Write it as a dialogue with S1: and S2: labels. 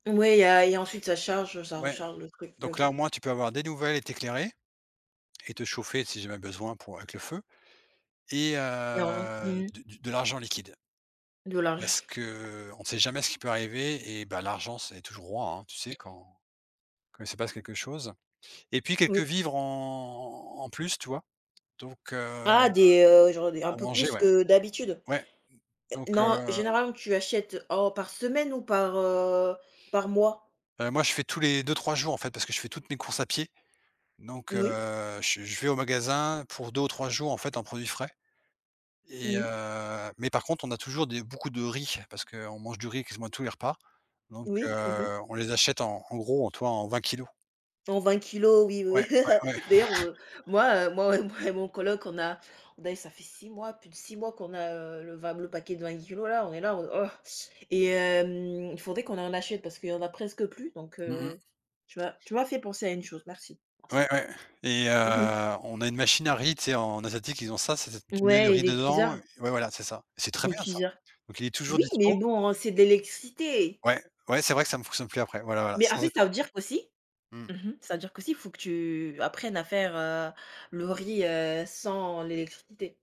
S1: Ouais, il y a il y a et ensuite ça charge, heu, ça
S2: Ouais,
S1: recharge le truc.
S2: donc là,
S1: OK.
S2: au moins, tu peux avoir des nouvelles et t'éclairer et te chauffer, si, jamais besoin pour avec le feu et
S1: [unintelligible] Mmh
S2: heu,
S1: mh
S2: de de l'argent liquide.
S1: De
S2: Parce
S1: l'argent.
S2: qu'on sait jamais ce qui peut arriver. Eh ben, l'argent, c'est toujours roi, hein, tu sais, quand quand il se passe quelque chose et puis, quelques
S1: Oui.
S2: vivres, en en plus, tu vois? Donc heu,
S1: Ah, des, heu, genre, des un
S2: à
S1: peu
S2: manger,
S1: plus
S2: ouais,
S1: que d'habitude?
S2: ouais,
S1: Eh
S2: donc
S1: non,
S2: heu
S1: généralement, tu achètes, oh par semaine ou par, heu, par mois?
S2: Heu, moi, je fais tous les 2-3 jours, en fait, parce que je fais toutes mes courses à pied, donc
S1: N oui.
S2: heu, che je vais au magasin pour 2 ou 3 jours, en fait, en produits frais et
S1: Mmh.
S2: heu, mais par contre, on a toujours des beaucoup de riz parce qu'on mange du riz quasiment à tous les repas, donc
S1: Oui, mmh mh.
S2: heu, on les achète en en gros, en tu vois, en 20 kilogrammes.
S1: En 20 kilogrammes, oui, oui.
S2: Ouais, ouais, ouais.
S1: D'ailleurs, heu, moi, heu, moi moi et mon coloc, on a on a ça fait 6 mois, plus de 6 mois qu'on a, heu, le va le paquet de 20 Kg là, on est là en mode, oh! Et hem, faudrait qu'on en achète parce qu'il y en a presque plus, donc
S2: Mmh mh.
S1: heu, tu m'a tu m'as fait penser à une chose. Merci. Merci.
S2: Ouais, ouais et heu,
S1: Mmh mh.
S2: on a une machine à riz, tu sais, en asiatique, ils ont ça. C'est cette tu mets le
S1: Ouais, eh,
S2: riz
S1: les
S2: dedans ouais,
S1: cuiseurs.
S2: voilà, c'est ça. C'est très
S1: Les
S2: bien ça,
S1: cuiseurs.
S2: donc, il est toujours
S1: Oui,
S2: dispo.
S1: mais bon, c'est de l'électricité.
S2: Ouais, ouais, c'est vrai que ça ne fonctionne plus après. Voilà, voilà,
S1: Mais, en
S2: sans
S1: fait,
S2: éc
S1: ça veut dire qu'aussi
S2: Mmh.
S1: mmh mh, ça veut dire qu'aussi, faut que tu apprennes à faire, heu, le riz, heu, sans l'électricité.